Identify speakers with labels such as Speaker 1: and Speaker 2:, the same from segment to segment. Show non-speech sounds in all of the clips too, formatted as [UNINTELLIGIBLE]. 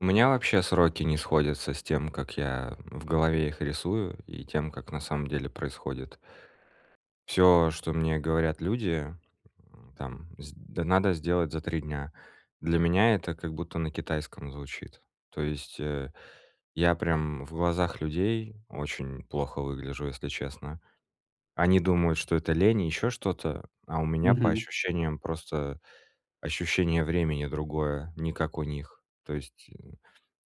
Speaker 1: У меня вообще сроки не сходятся с тем, как я, э, в голове их рисую и тем, как на самом деле происходит. Всё, что мне говорят люди, м, там сд надо сделать за три дня. Для меня это как будто на китайском звучит. То есть, э, я прям в глазах людей очень плохо выгляжу, если честно. Они думают, что это лень и еще что-то, а у меня по
Speaker 2: Мгм.
Speaker 1: ощущениям просто ощущение времени другое, не как у них. То есть, м,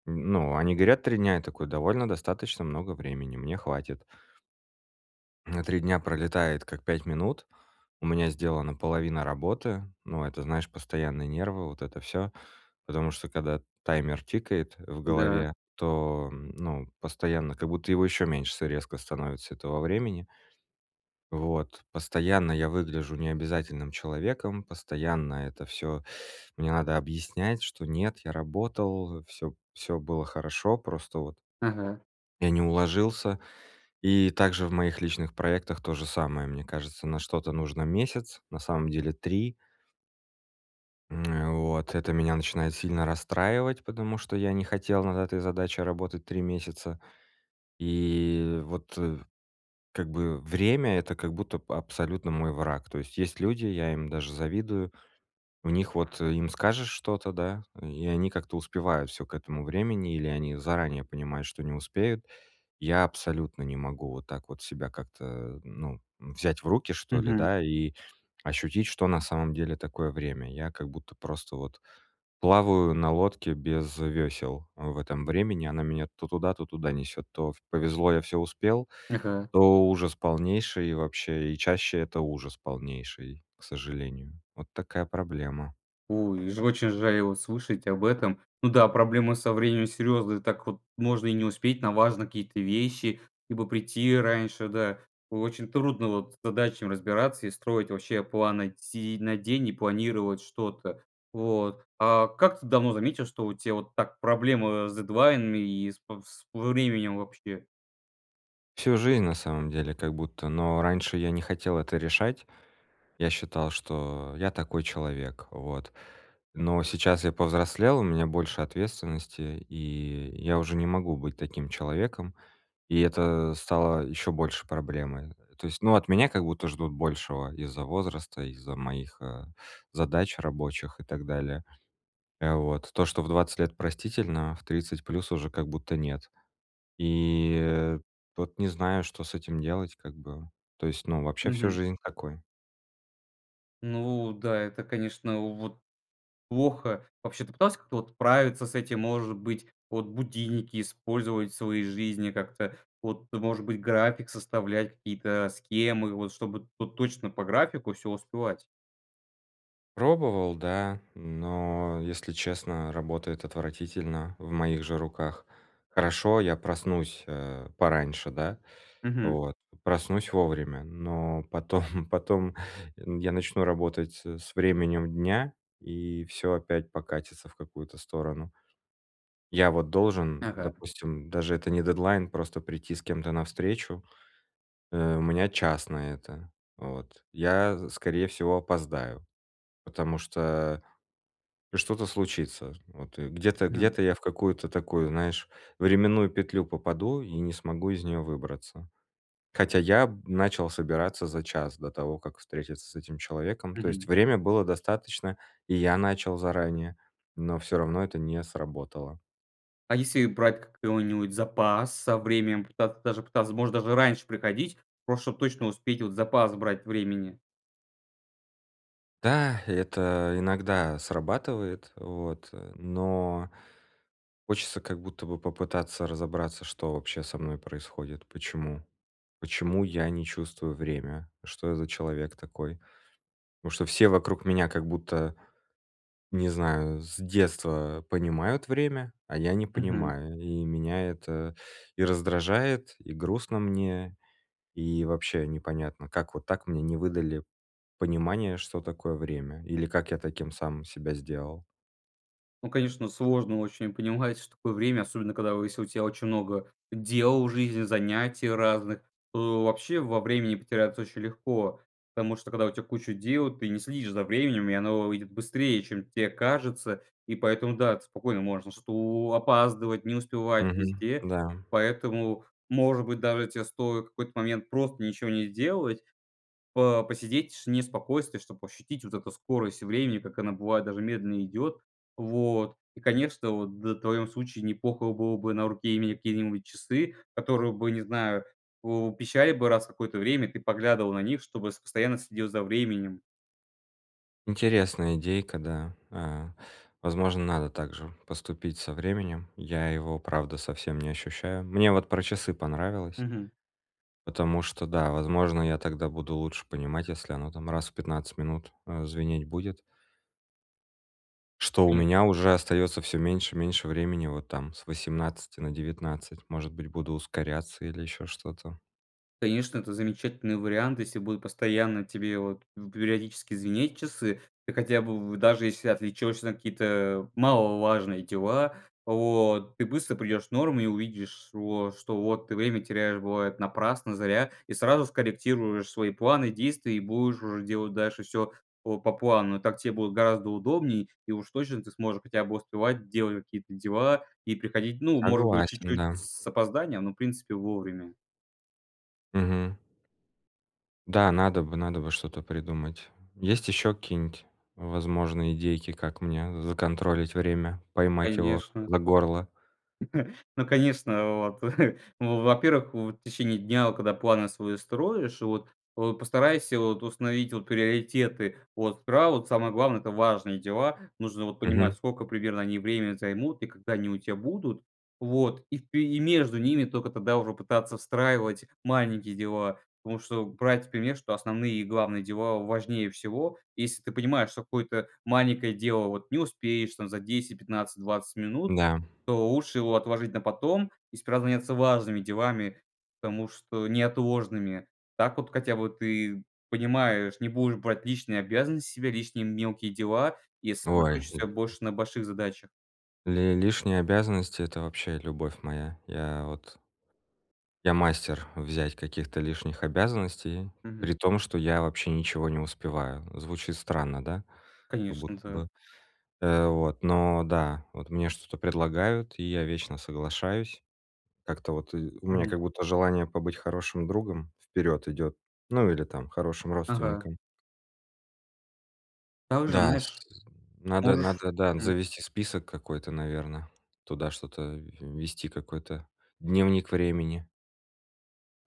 Speaker 1: ну, они говорят три дня, я такой: довольно достаточно много времени, мне хватит. А три дня пролетает как пять минут, у меня сделана половина работы, но это, знаешь, постоянные нервы, вот это всё. Потому что, когда таймер тикает в
Speaker 2: Да.
Speaker 1: голове, то, ну, постоянно как будто его еще меньше с резко становится, этого времени. Вот, постоянно я выгляжу необязательным человеком, постоянно это всё мне надо объяснять, что нет, я работал, всё всё было хорошо, просто вот
Speaker 2: Ага.
Speaker 1: я не уложился. И также в моих личных проектах то же самое, мне кажется. На что-то нужно месяц, на самом деле три М, э, вот это меня начинает сильно расстраивать, потому что я не хотел над этой задачей работать 3 месяца, и вот, э, как бы время- это как будто б абсолютно мой враг. То есть есть люди- я им даже завидую- у них вот им скажешь что-то, да, и они как-то успевают всё к этому времени или они заранее понимают, что не успеют. Я абсолютно не могу вот так вот себя как-то, ну, м, взять в руки что ли,
Speaker 2: Мгм.
Speaker 1: да, и ощутить, что на самом деле такое время. Я как будто просто вот плаваю на лодке без вёсел в этом времени, она меня то туда, то туда несёт. То в повезло- я всё успел,
Speaker 2: Ага.
Speaker 1: то ужас полнейший и вообще. И чаще- это ужас полнейший, к сожалению. Вот такая проблема.
Speaker 2: У и ж очень жаль вот слышать об этом. Ну да, проблемы со временем серьезные, так вот можно и не успеть на важные какие-то вещи, либо прийти раньше, да. Очень трудно вот с задачами разбираться и строить вообще планы, сидеть на день и планировать что-то. Вот. А как ты давно заметил, что у тя вот так проблемы, э, с дедлайнами и с п с во временем вообще?
Speaker 1: Всю жизнь на самом деле как будто, но раньше я не хотел это решать. Я считал, что я такой человек. Вот. Но сейчас я повзрослел, у меня больше ответственности и я уже не могу быть таким человеком. И это стало ещё больше проблемой. То есть, ну, от меня как будто ждут большего из-за возраста, из-за моих, э, задач рабочих и так далее. Э, вот. То, что в 20 лет простительно, в 30 плюс уже как будто нет. И, э, вот не знаю, что с этим делать, как бы. То есть ну вообще всю
Speaker 2: Мгм.
Speaker 1: жизнь такой.
Speaker 2: Ну да, это, конечно, вот плохо. Вообще ты пытался как-то вот справиться с этим? Может быть, вот будильники использовать в своей жизни как-то? Вот, может быть, график составлять, какие-то э, схемы вот, чтобы то точно по графику всё успевать.
Speaker 1: Пробовал, да, но, если честно, работает отвратительно в моих же руках. Хорошо, я проснусь, э, пораньше, да?
Speaker 2: Мгм.
Speaker 1: Вот проснусь вовремя, но потом, [CHUCKLES] потом н я начну работать, э, с временем дня, и всё опять покатится в какую-то сторону. Я вот должен,
Speaker 2: Ага.
Speaker 1: допустим- даже это не дедлайн- просто прийти с кем-то на встречу. Э, у меня час на это, вот. Я, скорее всего, опоздаю, потому что что-то случится, вот. Где-то
Speaker 2: Хм.
Speaker 1: где-то я в какую-то такую, знаешь, временную петлю попаду и не смогу из неё выбраться. Хотя я, м, начал собираться за час до того, как встретиться с этим человеком. То есть
Speaker 2: Мгм.
Speaker 1: время было достаточно, и я начал заранее, но всё равно это не сработало.
Speaker 2: А если брать ка какой-нибудь запас со временем? Попытаться даже как-то, возможно, даже раньше приходить, просто чтоб точно успеть, вот запас брать времени.
Speaker 1: Да, и это иногда срабатывает, вот, э, но хочется как будто бы попытаться разобраться, что вообще со мной происходит. Почему? Почему я не чувствую время, что я за человек такой? Потому что все вокруг меня как будто не знаю- с детства понимают время, а я не
Speaker 2: Мгм.
Speaker 1: понимаю, и меня это и раздражает, и грустно мне. И вообще непонятно, как вот так мне не выдали понимание, что такое время, или как я таким сам себя сделал.
Speaker 2: Ну, конечно, сложно очень понимать, что такое время, особенно когда у если у тебя очень много дел в жизни, занятий разных, то, э, вообще во времени потеряться очень легко. Потому что, когда у тебя куча дел, ты не следишь за временем, и оно вы выйдет быстрее, чем те кажется. И поэтому, да, ты спокойно можешь ш то опаздывать, не успевать
Speaker 1: Мгм.
Speaker 2: везде,
Speaker 1: Да.
Speaker 2: поэтому, может быть, даже те стоит в какой-то момент просто ничего не сделать, по посидеть в тишине и спокойствии, чтоб ощутить вот эту скорость времени, как она бывает даже медленно идет. Вот. И, конечно, вот д в твоём случае не плохо было бы на руке иметь какие-нибудь часы, которые бы- не знаю- пу пищали бы раз в какое-то время, ты поглядывал на них, чтобы с постоянно следил за временем.
Speaker 1: Интересная идейка, да. Э, возможно, надо также поступить со временем. Я его правда совсем не ощущаю. Мне вот про часы понравилось.
Speaker 2: Мгм.
Speaker 1: Потому что, да, возможно, я тогда буду лучше понимать, если оно, там, э, раз в 15 минут звенеть будет. Что у
Speaker 2: Конечно.
Speaker 1: меня уже остается всё меньше и меньше времени вот, там, с 18 на 19. Может быть, буду ускоряться или еще что-то.
Speaker 2: Конечно, это замечательный вариант. Если будут постоянно тебе, вот, в периодически звенеть часы, ты хотя бы в даже если отвлечешься на какие-то, маловажные дела, вот, ты быстро придешь норму и увидишь, вот, шо что вот ты время теряешь, бывает, напрасно, зря, и сразу скорректируешь свои планы, действия. И будешь уже делать дальше всё по по плану. Так тебе будет гораздо удобней, и уж точно ты сможешь хотя бы успевать делать какие-то дела и приходить, ну, может быть,
Speaker 1: Согласен,
Speaker 2: чуть-чуть
Speaker 1: да.
Speaker 2: с с опозданием, но в принципе вовремя.
Speaker 1: Мгм. Да, надо бы надо бы что-то придумать. Есть еще какие-нибудь возможные идейки, как мне законтролить время, поймать его
Speaker 2: Конечно.
Speaker 1: за горло?
Speaker 2: [CHUCKLES] Ну конечно! Вот. [CHUCKLES] В во-первых, в течение дня, когда планы свои строишь, вот вот постарайся, вот, установить, вот, приоритеты. От права, самое главное- это важные дела, нужно, вот, понимать,
Speaker 1: Мгм.
Speaker 2: скока примерно они время займут и когда они у тя будут, вот. И ты и между ними тока тогда уже пытаться встраивать маленькие дела. Потому что брать пример, что основные и главные дела важнее всего. Если ты понимаешь, что какое-то маленькое дело вот не успеешь, там, за 10-15-20 минут,
Speaker 1: Да.
Speaker 2: то лучше его отложить на потом и справляться важными делами, потому что неотложными. Так вот хотя бы ты понимаешь, не будешь брать личные обязанности с себя, лишние мелкие дела и
Speaker 1: Ой,
Speaker 2: сосредоточишься
Speaker 1: э
Speaker 2: больше на больших задачах.
Speaker 1: Ли лишние обязанности- это вообще любовь моя. Я вот Я- мастер взять каких-то лишних обязанностей,
Speaker 2: Мгм.
Speaker 1: при том что я вообще ничего не успеваю. Звучит странно, да? Как будто
Speaker 2: Конечно, да.
Speaker 1: бы, э, вот. Но да, вот мне что-то предлагают, и я вечно соглашаюсь. Как-то вот ы у меня
Speaker 2: Мгм.
Speaker 1: как будто желание побыть хорошим другом вперед идет, ну, или там, хорошим
Speaker 2: Ага.
Speaker 1: родственником.
Speaker 2: Также,
Speaker 1: Да с
Speaker 2: знаешь,
Speaker 1: надо
Speaker 2: можешь
Speaker 1: надо, да,
Speaker 2: Мгм.
Speaker 1: завести список какой-то, наверно. Туда что-то вести какой-то дневник времени.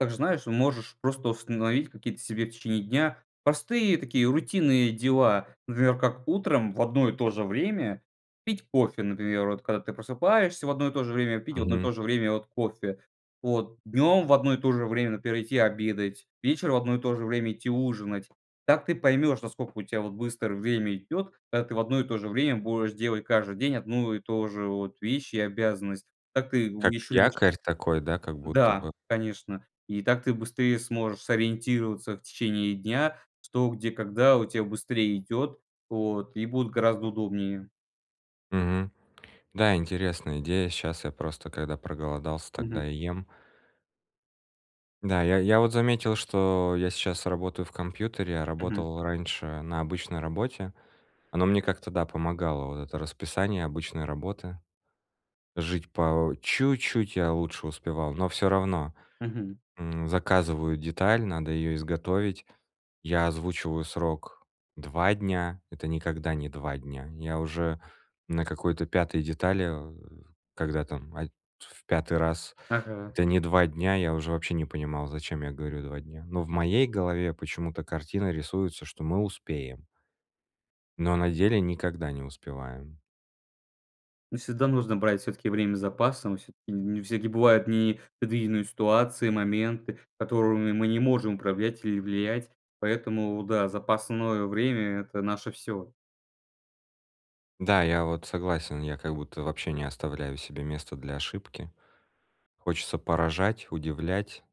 Speaker 2: Также, знаешь, можешь просто установить какие-то себе в течение дня простые такие рутинные дела. Например, как утром в одно и то же время пить кофе, например. Вот когда ты просыпаешься в одно и то же время, пить в одно и
Speaker 1: Мгм.
Speaker 2: то же время, вот, кофе, вот. Днем в одно и то же время, например, идти обедать. Вечером в одно и то же время идти ужинать. Так ты поймешь, насколько у тя, вот, быстро время идет, когда ты в одно и то же время будешь делать каждый день одну и тоже, вот, вещь и обязанность. Так ты
Speaker 1: Как
Speaker 2: будешь [UNINTELLIGIBLE]
Speaker 1: якорь такой, да? Как будто
Speaker 2: Да,
Speaker 1: бы.
Speaker 2: конечно. И так ты быстрее сможешь сориентироваться в течение дня, что, где, когда у тя быстрее идет, вот, и будут гораздо удобнее.
Speaker 1: Мгм. Да, интересная идея. Щас я просто когда проголодался,
Speaker 2: Мгм.
Speaker 1: тогда и ем. Да, я я вот заметил, что я сейчас работаю в компьютере, а
Speaker 2: Мгм.
Speaker 1: работал раньше на обычной работе. Оно мне как-то да, помогало вот это расписание обычной работы. Жить по чуть-чуть я лучше успевал, но всё равно.
Speaker 2: Мгм.
Speaker 1: М, заказываю деталь, надо ее изготовить. Я озвучиваю срок два дня, это никогда не два дня. Я уже на какой-то пятой детали, э, когда там аль в пятый раз
Speaker 2: Ага.
Speaker 1: это не два дня, я уже вообще не понимал, зачем я говорю "два дня". Но в моей голове почему-то картина рисуется, что мы успеем. Но на деле никогда не успеваем.
Speaker 2: Ну всегда нужно брать всё-таки время с запасом. Всё-таки не всякие бывают непредвиденные ситуации, моменты, которыми мы не можем управлять или влиять. Поэтому да, запасное время- это наше всё.
Speaker 1: Да, я вот согласен, я как будто вообще не оставляю себе место для ошибки. Хочется поражать, удивлять,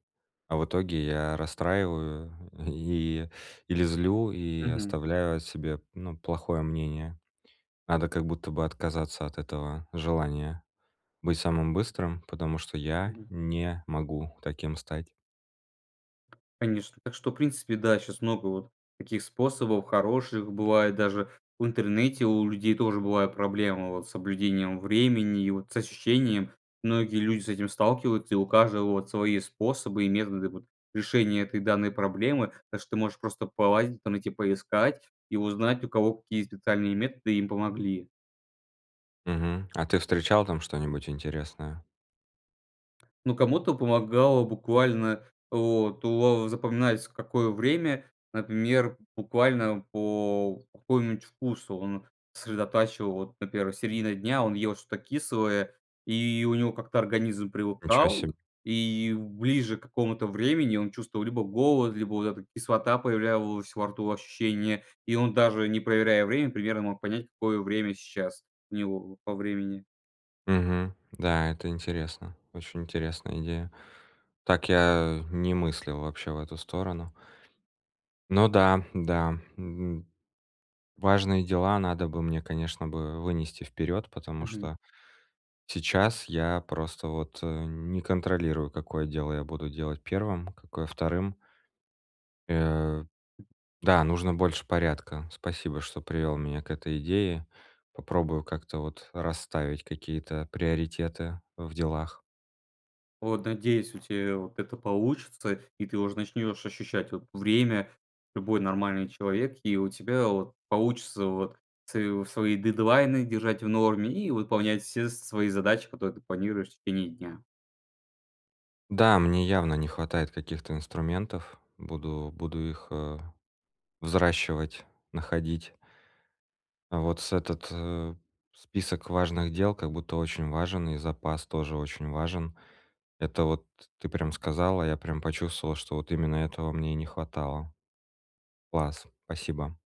Speaker 1: а в итоге я расстраиваю и или злю, и
Speaker 2: Мгм.
Speaker 1: оставляю о себе, ну, плохое мнение. Надо как будто бы отказаться от этого желания быть самым быстрым, потому что я
Speaker 2: Мгм.
Speaker 1: не могу таким стать.
Speaker 2: Конечно. Так что, в принципе, да, щас много вот таких способов хороших. Бывает даже в интернете у людей тоже бывают проблемы вот с соблюдением времени и вот с ощущением. Многие люди с этим сталкиваются и у каждого вот свои способы и методы вот решения этой данной проблемы. Так что ты можешь просто полазить, там эти поискать и узнать у кого какие специальные методы им помогли.
Speaker 1: Мгм, а ты встречал там что-нибудь интересное?
Speaker 2: Ну, кому-то помогало буквально, вот уо во запоминается, в какое время. Например, буквально по какому-нибудь вкусу он сосредотачивал. Вот, например, середина дня, он ел что-то кислое, и у него как-то организм
Speaker 1: Ничего себе.
Speaker 2: привыкал, и ближе к какому-то времени он чувствовал либо голод, либо вот эта кислота появлялась во рту, ощущение, и он, даже не проверяя время, примерно мог понять, какое время сейчас у него по времени.
Speaker 1: Мгм, да, это интересно, очень интересная идея, так я не мыслил вообще в эту сторону. Ну да, да, н важные дела надо бы мне, конечно бы, вынести вперёд, потому
Speaker 2: Мгм.
Speaker 1: что сейчас я просто вот, э, не контролирую, какое дело я буду делать 1, какое 2. Э, да, нужно больше порядка. Спасибо, что привёл меня к этой идее. Попробую как-то вот расставить какие-то приоритеты в делах.
Speaker 2: Вот, надеюсь, у тебя вот это получится, и ты уже начнёшь ощущать вот время любой нормальный человек, и у тебя вот получится вот св свои дедлайны держать в норме и выполнять все свои задачи, которые ты планируешь в течение дня.
Speaker 1: Да, мне явно не хватает каких-то инструментов, буду буду их, э, взращивать, находить. Вот с этот список важных дел как будто очень важен, и запас тоже очень важен. Это вот ты прям сказал, а я прям почувствовал, что вот именно этого мне не хватало. Класс. Спасибо.